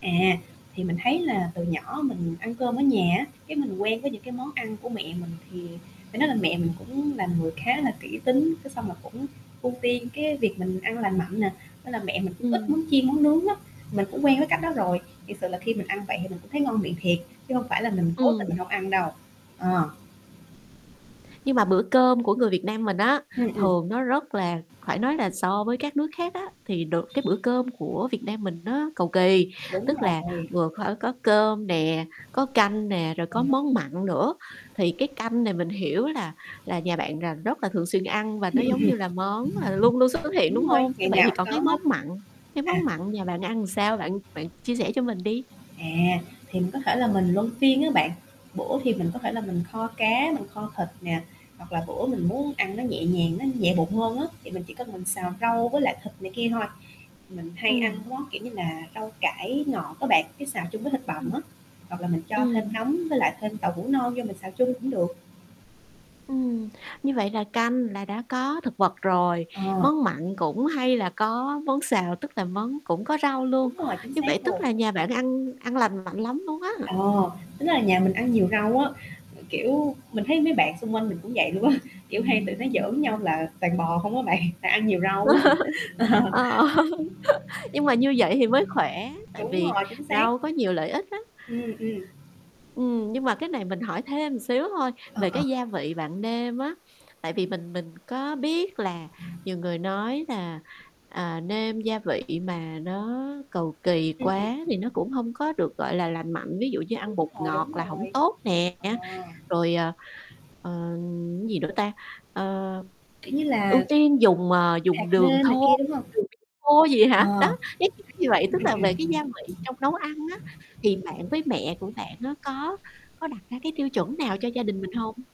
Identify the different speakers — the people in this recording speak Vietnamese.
Speaker 1: À, thì mình thấy là từ nhỏ mình ăn cơm ở nhà á, cái mình quen với những cái món ăn của mẹ mình thì phải nói là mẹ mình cũng là người khá là kỹ tính, cái xong là cũng ưu tiên cái việc mình ăn lành mạnh nè, nên là mẹ mình cũng ít món
Speaker 2: Ừm.
Speaker 1: chiên món nướng lắm, mình cũng quen với cách đó rồi. Thiệt sự là khi mình ăn vậy thì mình cũng thấy ngon miệng thiệt chứ hông phải là mình cố tình
Speaker 2: Ừm.
Speaker 1: mình hông ăn đâu, ờ.
Speaker 2: Nhưng mà bữa cơm của người Việt Nam mình á,
Speaker 1: Ừm, ừm.
Speaker 2: thường nó rất là phải nói là so với các nước khác á, thì được cái bữa cơm của Việt Nam mình nó cầu kỳ,
Speaker 1: Đúng
Speaker 2: tức là
Speaker 1: rồi.
Speaker 2: vừa co có cơm nè, có canh nè, rồi
Speaker 1: Ừ.
Speaker 2: có món mặn nữa. Thì cái canh này mình hiểu là là nhà bạn là rất là thường xuyên ăn và nó
Speaker 1: Hừm, ừm ừm.
Speaker 2: giống như là món là luôn luôn xuất hiện, đúng
Speaker 1: Đúng rồi,
Speaker 2: hông? Như
Speaker 1: ngày
Speaker 2: vậy
Speaker 1: nào
Speaker 2: thì
Speaker 1: cũng
Speaker 2: còn
Speaker 1: có
Speaker 2: cái
Speaker 1: hết.
Speaker 2: món mặn, cái
Speaker 1: À.
Speaker 2: món mặn nhà bạn làm ăn sao bạn bạn chia sẻ cho mình đi.
Speaker 1: À, thì mình có thể là mình luân phiên á bạn, bữa thì mình có thể là mình kho cá, mình kho thịt nè, hoặc là bữa mình muốn ăn nó nhẹ nhàng, nó nhẹ bụng hơn á, thì mình chỉ cần mình xào rau với lại thịt này kia thôi. Mình hay ăn
Speaker 2: Ừm.
Speaker 1: món kiểu như là rau cải ngọt á bạn, cái xào chung với thịt bằm
Speaker 2: Ừm.
Speaker 1: á, hoặc là mình cho thêm
Speaker 2: Ừm.
Speaker 1: nấm với lại thêm tàu hũ non vô mình xào chung cũng được.
Speaker 2: Ừm, như vậy là canh là đã có thực vật rồi,
Speaker 1: Ờ.
Speaker 2: món mặn cũng hay là có món xào, tức là món cũng có rau luôn,
Speaker 1: Đúng rồi, chính
Speaker 2: như vậy
Speaker 1: xác
Speaker 2: tức
Speaker 1: luôn.
Speaker 2: là nhà bạn ăn ăn lành mạnh lắm luôn á.
Speaker 1: Ờ, tính là nhà mình ăn nhiều rau á, kiểu, mình thấy mấy bạn xung quanh mình cũng vậy luôn á, kiểu, hay tụi nó giỡn nhau là toàn bò không á bạn, tại ăn nhiều rau á. Ờ.
Speaker 2: Ờ. Nhưng mà như vậy thì mới khỏe tại
Speaker 1: Đúng
Speaker 2: vì
Speaker 1: rồi, chính xác.
Speaker 2: rau có nhiều lợi ích lắm.
Speaker 1: Ừm, ừm.
Speaker 2: Ừm, nhưng mà cái này mình hỏi thêm xíu thôi
Speaker 1: Ờ,
Speaker 2: về
Speaker 1: ờ.
Speaker 2: cái gia vị bạn nêm á, tại vì mình mình có biết là nhiều người nói là, à, nêm gia vị mà nó cầu kỳ
Speaker 1: Ừm, ừm.
Speaker 2: quá thì nó cũng hông có được, gọi là, lành mạnh, ví dụ như ăn bột
Speaker 1: Đúng rồi,
Speaker 2: ngọt
Speaker 1: đúng
Speaker 2: là hổng
Speaker 1: rồi.
Speaker 2: tốt nè,
Speaker 1: Ờ.
Speaker 2: rồi, ờ, ờ, gì nữa ta, ơ,
Speaker 1: Kiểu như
Speaker 2: ưu
Speaker 1: là
Speaker 2: tiên dùng, ờ, dùng
Speaker 1: hạt
Speaker 2: đường
Speaker 1: nêm này
Speaker 2: thô
Speaker 1: kia, đúng hông?
Speaker 2: dùng đường khô gì hả?
Speaker 1: Ờ.
Speaker 2: Đó,
Speaker 1: Ừm,
Speaker 2: cái kiểu như vậy, tức là về cái gia vị trong nấu ăn á,
Speaker 1: ừm.
Speaker 2: thì bạn với mẹ của bạn á, có có đặt ra cái tiêu chuẩn nào cho gia đình mình hông?